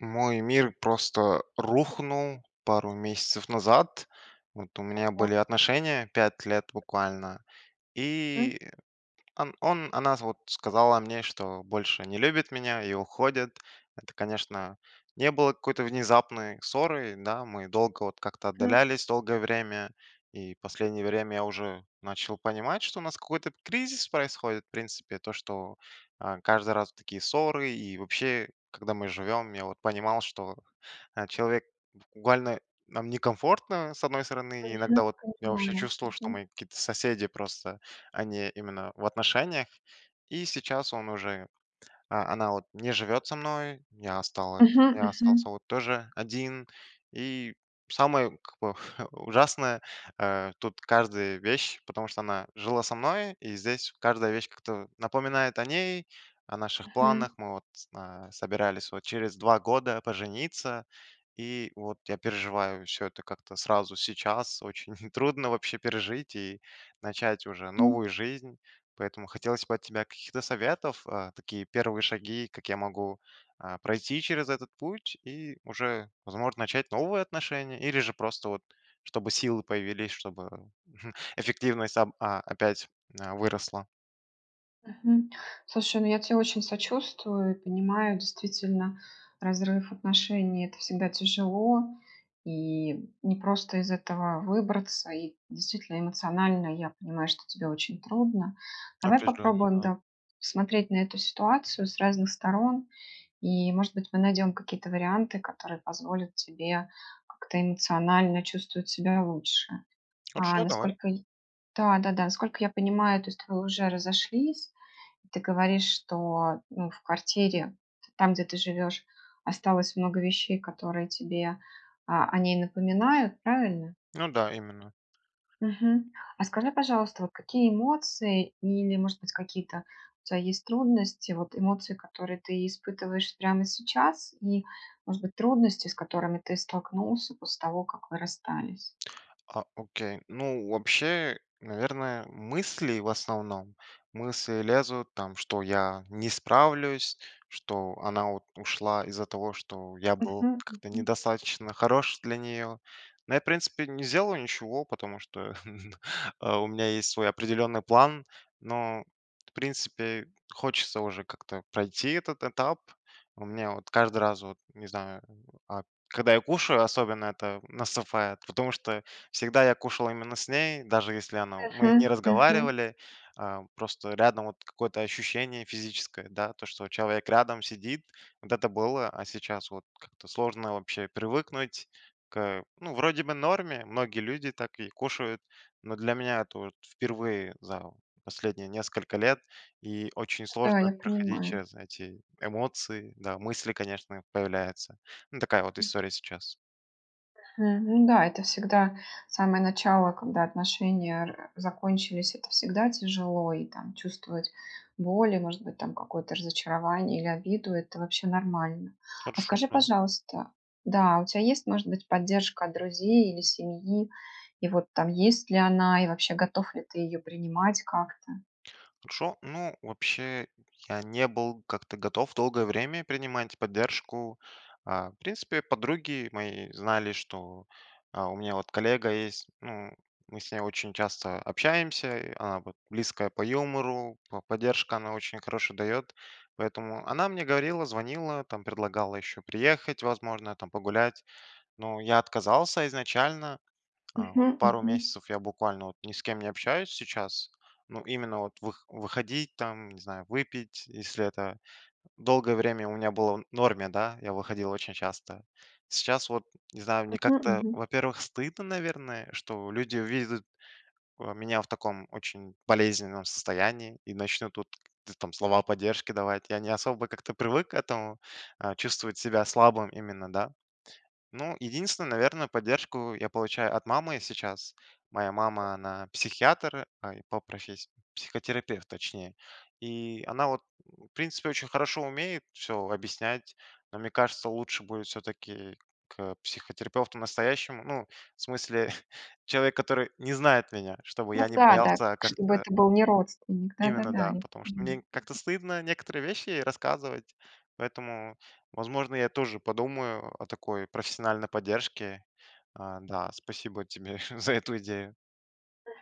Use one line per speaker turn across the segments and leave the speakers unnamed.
Мой мир просто рухнул пару месяцев назад. Вот, у меня были отношения, 5 лет буквально.
М.
И, ан он она, вот, сказала мне, что больше не любит меня и уходит. Это, конечно, не было какой-то внезапной ссорой, да, мы долго, вот, как-то
М.
отдалялись долгое время. И последнее время я уже начал понимать, что у нас какой-то кризис происходит, в принципе. То, что, э, каждый раз такие ссоры. И вообще, когда мы живем, я, вот, понимал, что, э, человек, буквально, нам некомфортно, с одной стороны,
Мгм,
иногда, вот, я вообще
понимаю,
чувствовал, что
мгм.
мы какие-то соседи просто, а не именно в отношениях, и сейчас он уже, а, она, вот, не живет со мной, я осталась
Мгм,
я остался,
мгм.
вот, тоже один. И самое, как бы, ужасное, э, тут каждая вещь, потому что она жила со мной, и здесь каждая вещь как-то напоминает о ней, о наших
Мгм.
планах. Мы, вот, э, собирались, вот, через два года пожениться, и, вот, я переживаю всё это как-то сразу, сейчас очень трудно вообще пережить и начать уже
М.
новую жизнь. Поэтому хотелось бы от тебя каких-то советов, э, такие первые шаги, как я могу, э, пройти через этот путь и уже, возможно, начать новые отношения или же, просто, вот, чтобы силы появились, чтобы эффективность об а опять, м, а, выросла.
Мгм. Слушай, ну я тебе очень сочувствую, понимаю, действительно, разрыв отношений- это всегда тяжело, и не просто из этого выбраться, и действительно, эмоционально я понимаю, что тебе очень трудно. Давай
Определенно,
попробуем,
да.
да, смотреть на эту ситуацию с разных сторон, и может быть мы найдем какие-то варианты, которые позволят тебе как-то эмоционально чувствовать себя лучше. А
Вообще давай.
насколько я да, да, да. Сколько я понимаю, то есть вы уже разошлись, ты говоришь, что, ну, в квартире, там, где ты живешь, осталось много вещей, которые тебе, а, о ней напоминают. Правильно?
Ну да, именно.
Мгм. А скажи пожалуйста, вот какие эмоции, или может быть какие-то у тебя есть трудности, вот, эмоции, которые ты испытываешь прямо сейчас и, может быть, трудности, с которыми ты столкнулся после того, как вы расстались?
А, окей. Ну, вообще, наверное, мысли в основном, мысли лезут, там, что я не справлюсь, что она, вот, ушла из-за того, что я был
Мгм,
как-то
мгм.
недостаточно хорош для неё. Но я в принципе не сделал ничего, потому что, а, у меня есть свой определенный план, но, в принципе хочется уже как-то пройти этот этап. У меня, вот, каждый раз, вот, не знаю, э, а Когда я кушаю, особенно это наступает, потому что всегда я кушал именно с ней, даже если она мы не
Мгм, мгм.
разговаривали, а просто рядом, вот, какое-то ощущение физическое, да, то, что, вот, человек рядом сидит, вот это было, а сейчас, вот, как-то сложно вообще привыкнуть к Ну, вроде бы, в норме, многие люди так и кушают, но для меня это, вот, впервые за последние несколько лет, и очень
Да,
сложно
я
проходить
понимаю.
через эти эмоции, да, мысли, конечно, появляются. Ну такая вот
М.
история сейчас.
Мгм. Да, это всегда самое начало, когда отношения р закончились, это всегда тяжело и, там, чувствовать боль и, может быть, там, какое-то разочарование или обиду- это вообще нормально. А
Хорошо,
скажи,
да.
пожалуйста, да, у тя есть, может быть, поддержка от друзей или семьи? И вот, там, есть ли она, и вообще готов ли ты её принимать как-то?
Хорошо. Ну вообще я не был как-то готов долгое время принимать поддержку. А, в принципе подруги мои знали, что, э, у меня вот коллега есть, ну, мы с ней очень часто общаемся, она, вот, близкая по юмору, п поддержка она очень хорошо дает. Поэтому она мне говорила, звонила, предлагала ещё приехать, возможно, там, погулять. Но я отказался изначально. А вот
Мгм,
пару
мгм.
месяцев я буквально, вот, ни с кем не общаюсь сейчас. Ну именно, вот, вых выходить, там, не знаю, выпить, если это долгое время у меня было в норме, да, я выходил очень часто. Сейчас, вот, не знаю, мне
Мгм,
как-то,
мгм.
во-первых, стыдно, наверное, что люди увидят, э, меня в таком очень болезненном состоянии и начнут, вот т там, слова поддержки давать. Я не особо как-то привык к этому, э, чувствовать себя слабым именно, да. Ну единственно, наверно, поддержку я получаю от мамы сейчас. Моя мама она- психиатр, э, по професс психотерапевт, точнее. И она, вот, в принципе очень хорошо умеет все объяснять, но мне кажется лучше будет все-таки, к психотерапевту настоящему. Ну в смысле человек, который не знает меня, чтобы
Ну
я не
да, да,
боялся
чтобы
как-то
это был не родственник, да, да,
Именно,
да.
да. Потому что мне н как-то
[unintelligible]
стыдно некоторые вещи ей рассказывать, поэтому, возможно, я тоже подумаю о такой профессиональной поддержке. А, да. Спасибо тебе за эту идею.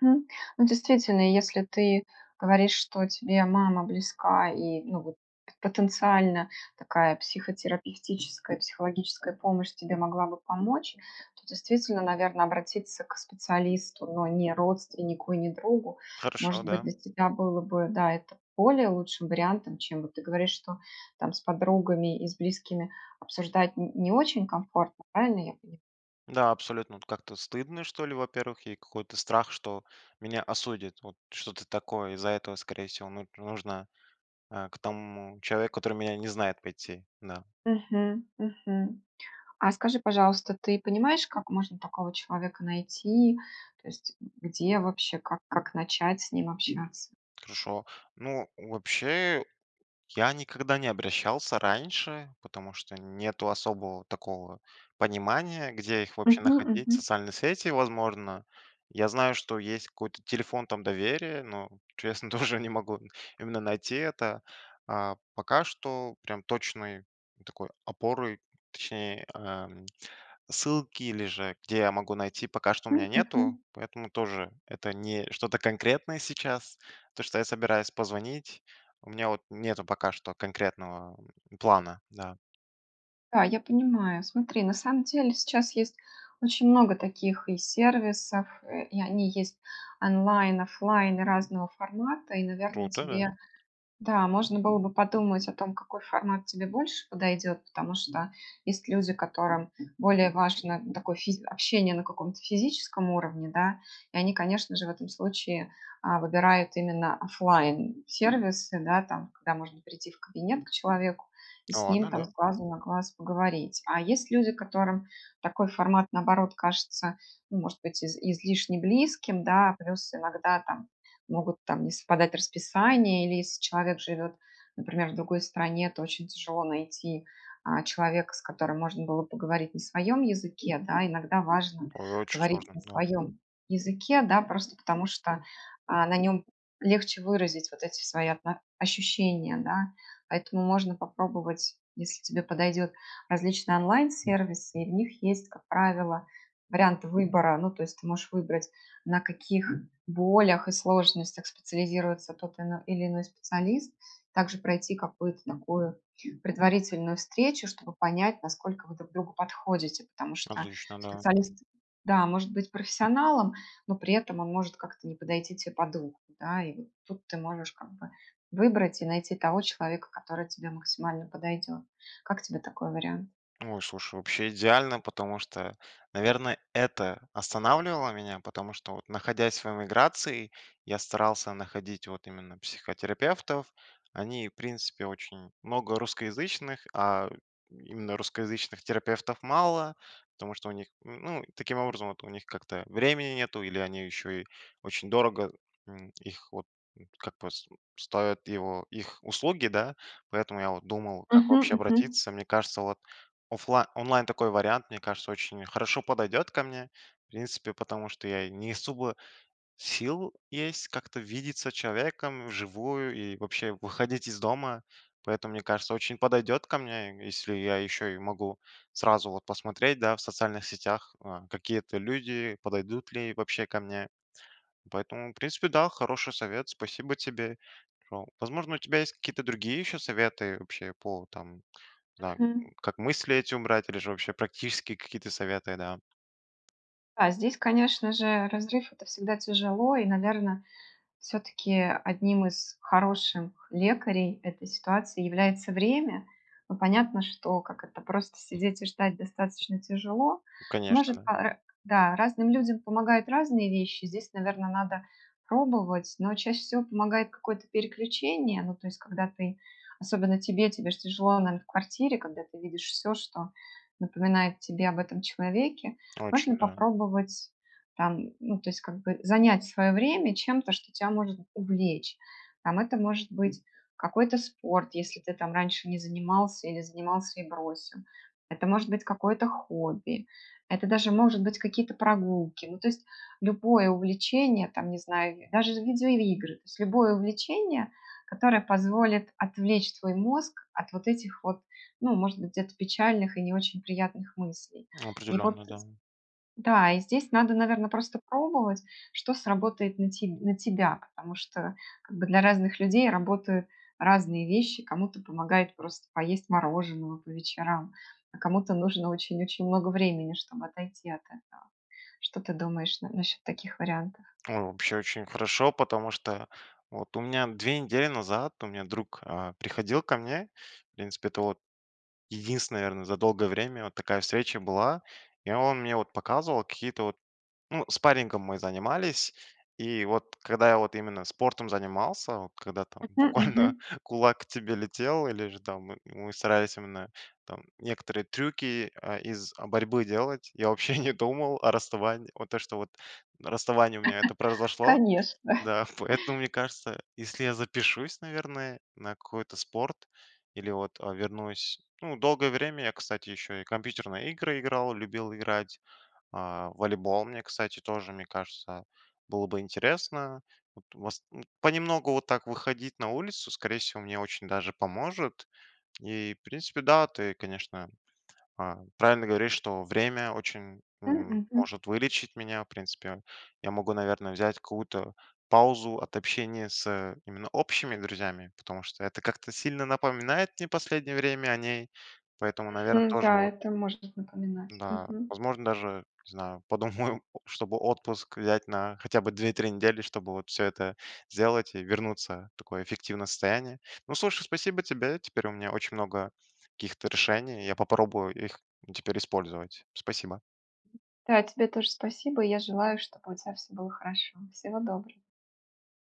Мгм. Ну, действительно, если ты говоришь, что тебе мама близка, и ну, вот, потенциально такая психотерапевтическая, психологическая помощь тебе могла бы помочь, то действительно, наверно, обратиться к специалисту, но не родственнику и не другу.
Хорошо,
Может быть,
да.
для тебя было бы, да, это более лучшим вариантом, чем вот ты говоришь, что там с подругами, и с близкими обсуждать н не очень комфортно, правильно я поняла?
Да, абсолютно, вот как-то стыдно, что ли, во первых. И какой-то страх, что меня осудят. Вот, что-то такое. Из-за этого, скорее всего, мут нужно, э, к тому человеку, который меня не знает, пойти, да.
Мгм, мгм. А, скажи, пожалуйста, ты понимаешь, как можно такого человека найти, то есть где вообще, как как начать с ним общаться?
Хорошо. Ну, вообще, я никогда не обращался раньше, потому что нету особого, такого, понимания, где их вообще
Мгм
находить.
мгм.
Социальные сети, возможно. Я знаю, что есть какой-то телефон там доверия, но честно, тоже, не могу, именно, найти это. А пока что, прям точной такой опорой, точней, а, м, ссылки, или же где я могу найти, пока что у меня
М,
нету,
мгм.
поэтому тоже это не что-то конкретное сейчас. То, что я собираюсь позвонить, у меня вот нету пока что конкретного, э, плана. Да.
Да, я понимаю. Смотри, на самом деле, сейчас есть очень много таких и сервисов. Э, и они есть онлайн, офлайн и разного формата. И, наверное,
Круто,
тебе
да.
да, можно было бы подумать о том, какой формат тебе больше подойдет. Потому что есть люди, которым более важно, н такое, физ общение на каком-то физическом уровне, да, и они, конечно же, в этом случае, а, выбирают именно офлайн-сервисы, да, там когда можно прийти в кабинет к человеку, и с ним
Ладно,
там с
да.
глазу на глаз поговорить. А есть люди, которым такой формат, наоборот, кажется, ну, может быть из излишне близким, да. Плюс иногда там могут, там, не совпадать расписания или, если человек живет, например, в другой стране, то очень тяжело найти, а, человека, с которым можно было поговорить на своем языке, да. Иногда важно
Ой, очень
говорить
сложно,
на
да.
своем языке, да, просто потому что, а, на нём легче выразить вот эти свои отно ощущения, да. Поэтому можно попробовать, если тебе подойдет, различные онлайн-сервисы и в них есть, как правило, варианты выбора. Ну, то есть ты можешь выбрать, на каких болях и сложностях специализируется тот ал или иной специалист, также пройти какую-то такую предварительную встречу, чтобы понять, насколько вы друг другу подходите. Потому что
Отлично, да.
специалист, да, может быть профессионалом, но при этом он может как-то не подойти те по духу, да. И вот тут ты можешь, как бы, выбрать и найти того человека, который тебе максимально подойдет. Как тебе такой вариант?
Ой, слушай, вообще идеально, потому что, наверно, это останавливало меня, потому что вот, находясь в эмиграции, я старался находить вот именно психотерапевтов. Они, в принципе, очень много русскоязычных, а именно русскоязычных терапевтов мало. Потому что у них, н ну, таким образом вот у них, как-то времени нету или они еще и очень дорого, м, их вот, как пос ставят его их услуги, да. Поэтому я вот думал, как
Мгм,
вообще
мгм.
обратиться. Мне кажется, вот офла онлайн- такой вариант, мне кажется, очень хорошо подойдет ко мне, в принципе, потому что я не особо сил есть как-то видеться человеком вживую и вообще выходить из дома. Поэтому, мне кажется, очень подойдет ко мне, если я еще и могу сразу вот посмотреть, да, в социальных сетях, а, какие это люди, подойдут ли вообще ко мне. Поэтому, в принципе, да, хороший совет, спасибо тебе. О, возможно, у тебя есть какие-то другие еще советы, вообще, по там, не знаю,
Мгм.
как мысли эти убрать или же, вообще, практические какие-то советы, да.
А, здесь конечно же разрыв- это всегда тяжело и, наверное, всё-таки 1 из хороших лекарей этой ситуации является время. Ну, понятно, что, как это, просто сидеть и ждать достаточно тяжело.
Конечно,
Может
да.
по Э, да. Разным людям помогают разные вещи. Здесь, наверно, надо пробовать, но чаще всего помогает какое-то переключение. Ну, то есть, когда ты особенно тебе, тебе ж тяжело, наверное, в квартире, когда ты видишь всё, что напоминает тебе об этом человеке,
Очень,
можно
да.
попробовать, там ну, то есть как бы, занять свое время чем-то, что тя может увлечь. Там, это может быть какой-то спорт, если ты, там, раньше не занимался или занимался и бросил. Это может быть какое-то хобби, это даже может быть какие-то прогулки, ну, то есть любое увлечение, там, не знаю, даже видеоигры, то есть любое увлечение, которое позволит отвлечь твой мозг от вот этих вот, ну, может быть, где-то печальных и не очень приятных мыслей. И вот
Определенно, да.
з Да. И здесь надо, наверно, просто пробовать, что сработает на те на тебя, потому что как бы для разных людей работают разные вещи. Кому-то помогают просто поесть мороженого по вечерам, а кому-то нужно очень-очень много времени, чтобы отойти от этого. Что ты думаешь н насчет таких вариантов?
О, вообще очень хорошо, потому что вот, у меня 2 недели назад у меня друг, а, приходил ко мне. В принципе это, вот, единственная, наверное, за долгое время вот такая встреча была, и он мне, вот, показывал какие-то, вот ну, спаррингом мы занимались. И вот, когда я, вот, именно спортом занимался, вот когда там
Мгм,
буквально
мгм.
кулак к тебе летел или же там мы мы старались именно, там, некоторые трюки, э, из борьбы делать, я вообще не думал о расставании. Вот то, что вот расставание у меня это произошло.
Конечно!
Да. Поэтому мне кажется, если я запишусь, наверное, на какой-то спорт или, вот, э, вернусь Ну, долгое время я, кстати, ещё и компьютерные игры играл, любил играть, а волейбол, мне, кстати, тоже, мне кажется, было бы интересно. Вот, вас Понемногу вот так выходить на улицу, скорее всего, мне очень даже поможет. И в принципе да, ты, конечно, а, правильно говоришь, что время очень
М,
м
мгм.
может вылечить меня. В принципе я могу, наверное, взять какую-то паузу от общения с именно общими друзьями, потому что это как-то сильно напоминает мне последнее время о ней, поэтому, наверное, тоже,
М-да,
вот
это можно напоминать.
Да,
Мгм.
возможно даже, не знаю, подумаю, чтобы отпуск взять на хотя бы 2-3 недели, чтобы всё это сделать и вернуться в такое эффективное состояние. Ну, слушай, спасибо тебе, теперь у меня очень много каких-то решений, я попробую их теперь использовать. Спасибо.
Да, тебе тоже спасибо, и я желаю, чтобы у тебя всё было хорошо. Всего доброго.